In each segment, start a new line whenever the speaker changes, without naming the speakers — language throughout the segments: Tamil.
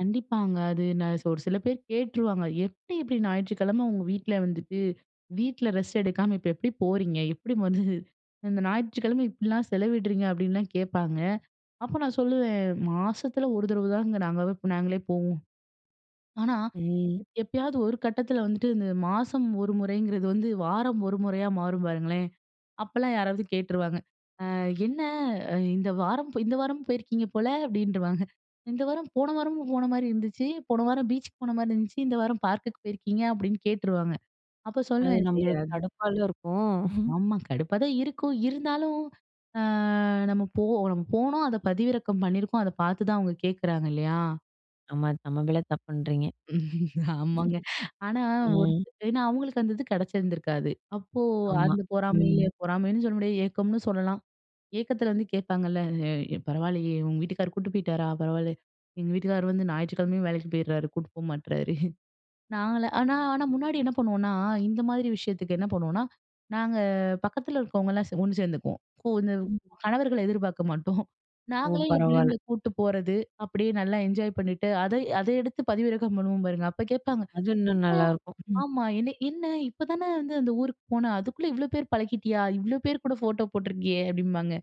கண்டிப்பாங்க. அது நான், அ ச ஒரு சில பேர் கேட்ருவாங்க, எப்டி இது ஞாயிற்றுக்கிழம உங்க வீட்டில வந்துட்டு, வீட்டில ரெஸ்ட் எடுக்காம, இப்போ எப்டி போறீங்க? எப்படி வந்து, இந்த ஞாயிற்றுக்கிழம இப்டிலா செலவிடுறீங்க. அப்டின்லா கேப்பாங்க. அப்போ, நான் சொல்லுவேன் மாசத்துல ஒரு தடவ தாங்க நாங்கவே நாங்களே போவோ. ஆனா,
ம்.
எப் எப்பயாவது ஒரு கட்டத்துல வந்துட்டு, இந்த மாசம் ஒரு முறைங்கிறது வந்து வாரம் ஒரு முறையா, மாறு பாருங்களேன்! அப்பல்லா, யாராவது கேட்ருவாங்க. அ "என்ன! இந்த வாரம் இந்த வாரமு போயிருக்கீங்க போல" அப்டின்றுவாங்க. "இந்த வாரம் போன வாரமும் போன மாரி இருந்துச்சு. போன வாரம் பீச்சுக்கு போன மாரி இருந்துச்சு, இந்த வாரம் பார்க்குக்கு போயிருக்கீங்க" அப்டின்னு கேட்டுருவாங்க. அப்போ
அது
சொல்லுவே, சரி
நம்மளுக்கு
எதா
கடுப்பால இருக்கு.
ஆமா. கடுப்பா தான் இருக்கு இருந்தாலு ஆ. நம்ம போ போனோ அத பதிவிறக்க பண்ணிருப்போ, அத பாத்து தான் அவங்க கேக்கறாங்க இல்லையா?
ஆமா. நம்ம மேல தப்புன்றீங்க.
ஆமாங்க. ஆனா ஒ
ம்.
ஏனா, அவங்களுக்கு அந்த இது கிடச்சிருந்துருக்காது. அப்போ,
ஆமா.
அந்த பொறாமைல
ம்.
பொறாமைன்னு சொல்ல முடியாது, ஏக்கம்னு சொல்லலா. ஏக்கத்துல வந்து கேப்பாங்கல்ல, எ பரவாலையே! உங்க வீட்டுக்கார் கூட்டு போயிட்டாரா? பரவால, எங்க வீட்டுக்கார் வந்து ஞாயிற்றுக்கிழமயும் வேலைக்கு போயிடுறாரு. கூட்டு போ மாட்றாரு. நாங்களா ஆனா ஆனா முன்னாடி என்ன பண்ணுவோனா, இந்த மாதிரி விஷயத்துக்கு என்ன பண்ணுவோனா, நாங்க பக்கத்துல இருக்கறவங்கலா சே ஒண்ணு சேர்ந்துப்போ. கு இந்த
ம்.
கணவர்கள எதிர்பாக்க மாட்டோ.
ஓ.
நாங்களே எங்க
பரவால்ல.
பிள்ளைங்கள கூட்டு போறது. அப்படியே நல்லா என்ஜாய் பண்ணிட்டு அத அதை எடுத்து பதிவிறக்கம் பண்ணுவோ பாருங்க! அப்போ கேப்பாங்க.
அது இன்னு
"என்ன?
நல்லாருக்கும். ம்.
ஆமா, என்ன என்ன? இப்பதானே வந்து அந்த ஊருக்கு போன, அதுக்குள்ள இவ்ளோ பேர் பழகிட்டியா? இவ்ளோ பேர் கூட ஃபோட்டோ போட்ருக்கியே" அப்படிபாங்க.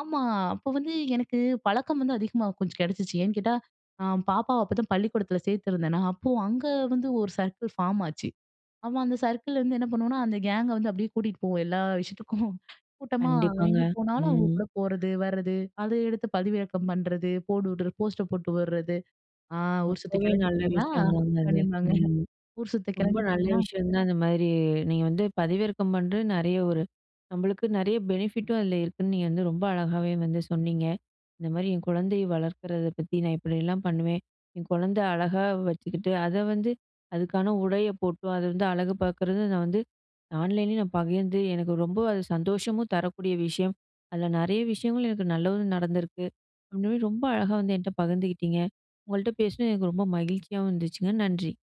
ஆமா, அப்போ வந்து எனக்கு, பழக்கம் வந்து அதிகமா கொஞ்ச கிடச்சிச்சு. ஏன் கேட்டா, அ பாப்பாவ அப்போதா பள்ளிக்கூடத்துல சேர்த்திருந்தனா, அப்போ அங்க வந்து, ஒரு சர்க்கள் ஃபாம் ஆச்சு. அவ, அந்த சர்க்கள்ல வந்து என்ன பண்ணுவோனா, அந்த கேங்க வந்து அப்டியே கூட்டிட்டு போவோ. எல்லா விஷயத்துக்கு கூட்டமா,
கண்டிப்பாங்க.
எங்க போனாலு அவங்க
ம்.
கூட போறது, வரது அத எடுத்து பதிவிறக்கம் பண்றது. போடுவுட்டு போஸ்ட்டை போட்டுவுறது. ஆ ஊர் சுத்த
அப்பவே, நல்ல
கெளம்பிட்டீங்களா?
விஷய தாங்க அது.
அப்டிபாங்க.
ம்.
ஊர் சுத்த
ரொம்ப நல்ல
கெளம்பிட்டீங்களா!
விஷய தான், இந்த மாரி நீங்க வந்து பதிவிறக்க பண்றது, நெறைய ஒரு நம்மளுக்கு நெறைய பெனிஃபிட்டு அதில இருக்குன்னு, நீங்க வந்து ரொம்ப அழகாவே, வந்து சொன்னிங்க. இந்த மாரி என் கொழந்தைய வளர்க்கறத பத்தி, நான் இப்படிலா பண்ணுவே. என் கொழந்த அழகா வச்சுக்கிட்டு, அத வந்து அதுக்கான உடைய போட்டு, அத வந்து அழகு பாக்கறது, அத வந்து ஆன்லைன்ல நான் ப வியந்து எனக்கு ரொம்ப அது சந்தோஷமு தரக்கூடிய விஷயம். அதுல நெறைய விஷயங்களு, எனக்கு நல்லது நடந்துருக்கு. உண்மையிலேயே ரொம்ப அழகா வந்து என்ட்ட பகிர்ந்துக்கிட்டிங்க. உங்கள்ட்ட பேசுனது எனக்கு ரொம்ப மகிழ்ச்சியாவும் இருந்துச்சுங்க நன்றி.